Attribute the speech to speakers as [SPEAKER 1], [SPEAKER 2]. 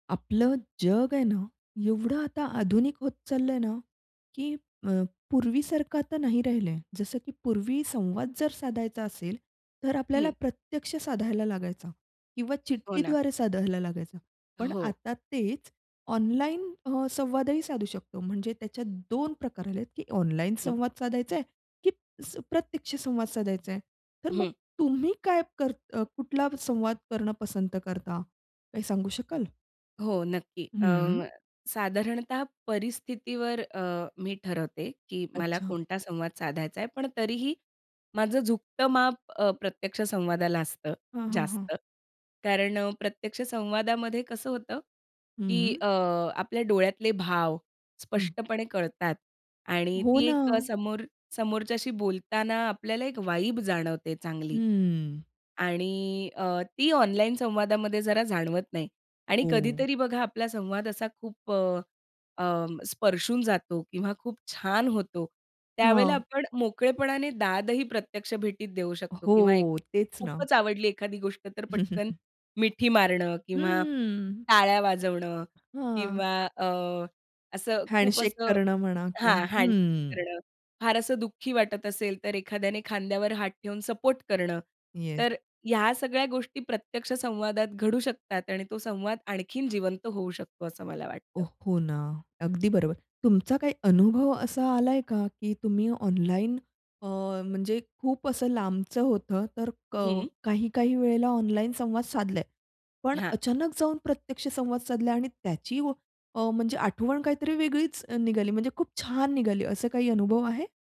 [SPEAKER 1] आपलं जग आहे ना, एवढं आता आधुनिक होत चाललंय ना. की अ, पूर्वीसारखा तर नाही राहिलंय जसं की पूर्वी संवाद जर साधायचा असेल. तर आपल्याला
[SPEAKER 2] हं.
[SPEAKER 1] प्रत्यक्ष साधायला लागायचा. किंवा
[SPEAKER 2] हो ना.
[SPEAKER 1] चिठ्ठीद्वारे साधायला लागायचा. पण
[SPEAKER 2] हो.
[SPEAKER 1] आता तेच ऑनलाईन अ, संवादही साधू शकतो. म्हणजे त्याच्यात 2 प्रकार आले आहेत की ऑनलाईन
[SPEAKER 2] हं.
[SPEAKER 1] संवाद साधायच आहे, की अस प्रत्यक्ष संवाद साधायच आहे. तर मग
[SPEAKER 2] हं.
[SPEAKER 1] तुम्ही काय करत अ, कुठला संवाद करणं पसंत करता. काही सांगू शकाल?
[SPEAKER 2] हो, नक्की. अ,
[SPEAKER 1] हं.
[SPEAKER 2] साधारणतः परिस्थितीवर अ, मी ठरवते, की मला
[SPEAKER 1] अच्छा.
[SPEAKER 2] कोणता संवाद साधायचा आहे पण तरीही, माझं झुकतं माप अ, प्रत्यक्ष संवादाला असतं
[SPEAKER 1] हां, हां, हां.
[SPEAKER 2] जास्त. कारण अ, प्रत्यक्ष संवादामध्ये कसं होतं, की
[SPEAKER 1] हं.
[SPEAKER 2] अ, आपल्या डोळ्यातले भाव
[SPEAKER 1] हं.
[SPEAKER 2] स्पष्टपणे कळतात आणि
[SPEAKER 1] हो
[SPEAKER 2] ती एक
[SPEAKER 1] ना.
[SPEAKER 2] समोर समोरच्याशी बोलताना आपल्याला एक वाईब जाणवते चांगली.
[SPEAKER 1] हम्म.
[SPEAKER 2] आणि अ, ती ऑनलाईन संवादामध्ये जरा जाणवत नाही. आणि
[SPEAKER 1] हो.
[SPEAKER 2] कधीतरी बघा आपला संवाद असा खूप अ, अ, स्पर्शून जातो किंवा खूप छान होतो. त्यावेळेला
[SPEAKER 1] हां.
[SPEAKER 2] आपण मोकळेपणाने दादही प्रत्यक्ष भेटीत देऊ शकतो. किंवा एक
[SPEAKER 1] हो, तेच ना.
[SPEAKER 2] खूपच आवडली एखादी गोष्ट तर पटकन, मिठी मारणं किंवा
[SPEAKER 1] हम्म.
[SPEAKER 2] टाळ्या वाजवणं
[SPEAKER 1] हां.
[SPEAKER 2] किंवा अ, असं खूप
[SPEAKER 1] हँडशेक
[SPEAKER 2] असं
[SPEAKER 1] करणं म्हणा,
[SPEAKER 2] हां,
[SPEAKER 1] [unintelligible]
[SPEAKER 2] हँडल
[SPEAKER 1] हं.
[SPEAKER 2] करणं. फार असं दुःखी वाटत असेल तर एखाद्याने खांद्यावर हात ठेवून सपोर्ट करणं.
[SPEAKER 1] येस.
[SPEAKER 2] तर ह्या सगळ्या गोष्टी प्रत्यक्ष संवादात घडू शकतात. आणि तो संवाद आणखीन जिवंत होऊ शकतो असं मला
[SPEAKER 1] हो,
[SPEAKER 2] वाटतं.
[SPEAKER 1] हो ना. अगदी बरोबर. तुमचा काय अनुभव असा आलाय का की तुम्ही ऑनलाईन अ, म्हणजे खूप असं लांबचं होतं तर कळ
[SPEAKER 2] हं.
[SPEAKER 1] काही-काही वेळेला ऑनलाईन संवाद साधलाय. पण
[SPEAKER 2] हां.
[SPEAKER 1] अचानक जाऊन प्रत्यक्ष संवाद साधला आणि त्याची अ, म्हणजे आठवण काहीतरी वेगळीच निघाली म्हणजे खूप छान निघाली, असं काही अनुभव आहे?